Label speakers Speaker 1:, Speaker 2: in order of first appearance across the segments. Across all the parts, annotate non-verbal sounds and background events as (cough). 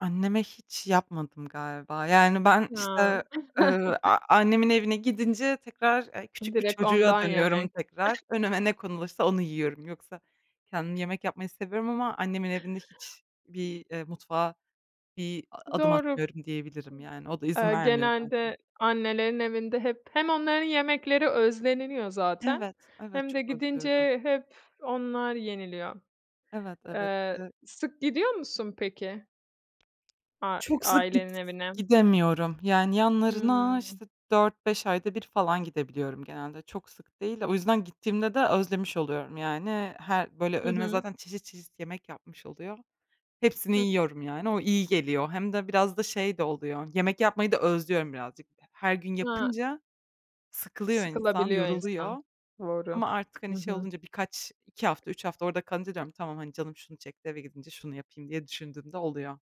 Speaker 1: Anneme hiç yapmadım galiba. Yani, ben,
Speaker 2: Ha.
Speaker 1: işte, ııı,
Speaker 2: (chuckles)
Speaker 1: a annemin evine gidince tekrar, e, küçük bir
Speaker 2: Direkt
Speaker 1: çocuğa
Speaker 2: ondan
Speaker 1: dönüyorum
Speaker 2: yemek.
Speaker 1: tekrar. Önüme ne
Speaker 2: (chuckles)
Speaker 1: konulursa onu yiyorum. Yoksa kendim yemek yapmayı seviyorum ama annemin evinde hiçbir, eee, mutfağa bir adım
Speaker 2: Doğru
Speaker 1: atmıyorum diyebilirim, yani. O da izin
Speaker 2: Eee,
Speaker 1: vermiyor zaten.
Speaker 2: genelde annelerin evinde hep, hem onların yemekleri özleniliyor zaten
Speaker 1: Evet, evet
Speaker 2: hem de
Speaker 1: çok
Speaker 2: gidince,
Speaker 1: özlüyorum.
Speaker 2: eee, hep onlar yeniliyor.
Speaker 1: Evet, evet.
Speaker 2: Eee,
Speaker 1: (unintelligible)
Speaker 2: sık gidiyor musun, peki? A iii,
Speaker 1: Çok sık gid
Speaker 2: ailenin evine?
Speaker 1: gidemiyorum. Yani, yanlarına,
Speaker 2: Hmm.
Speaker 1: işte, 4-5 ayda 1 falan gidebiliyorum genelde. Çok sık değil, o yüzden gittiğimde de özlemiş oluyorum, yani. Her, böyle,
Speaker 2: Hı
Speaker 1: önüme
Speaker 2: hı.
Speaker 1: zaten çeşit çeşit yemek yapmış oluyor. Hepsini
Speaker 2: Hı.
Speaker 1: yiyorum, yani, o iyi geliyor. Hem de biraz da şey de oluyor. Yemek yapmayı da özlüyorum birazcık. He her gün
Speaker 2: A.
Speaker 1: yapınca sıkılıyor insan,
Speaker 2: Sıkılabiliyor
Speaker 1: yoruluyor.
Speaker 2: insan, doğru.
Speaker 1: Ama artık,
Speaker 2: Hı
Speaker 1: hani, şey
Speaker 2: hı.
Speaker 1: olunca birkaç, 2 hafta, 3 hafta orada kalınca diyorum ki, "Tamam, hani, canım şunu çekti, eve gidince şunu yapayım." diye düşündüğümde oluyor.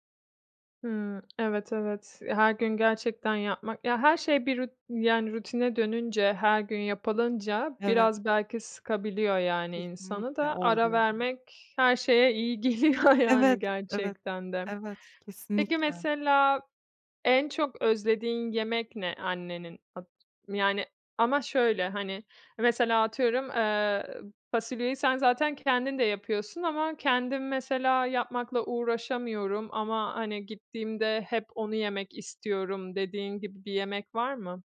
Speaker 2: Hıı. Evet, evet, e, her gün gerçekten yapmak ya, her şey bir ruti yani, rutine dönünce her gün yapılınca
Speaker 1: Evet.
Speaker 2: biraz belki sıkabiliyor, yani, insanı
Speaker 1: Kesinlikle
Speaker 2: da ara
Speaker 1: oldu. (unintelligible)
Speaker 2: vermek her şeye iyi geliyor, yani,
Speaker 1: Evet, evet,
Speaker 2: gerçekten de.
Speaker 1: evet,
Speaker 2: Peki,
Speaker 1: kesinlikle.
Speaker 2: mesela en çok özlediğin yemek ne annenin? (unintelligible) Yani, ama şöyle, hani, mesela atıyorum, ııı, fasulyeyi sen zaten kendin de yapıyorsun ama "Kendim mesela yapmakla uğraşamıyorum ama, hani, gittiğimde hep onu yemek istiyorum." dediğin gibi bir yemek var mı?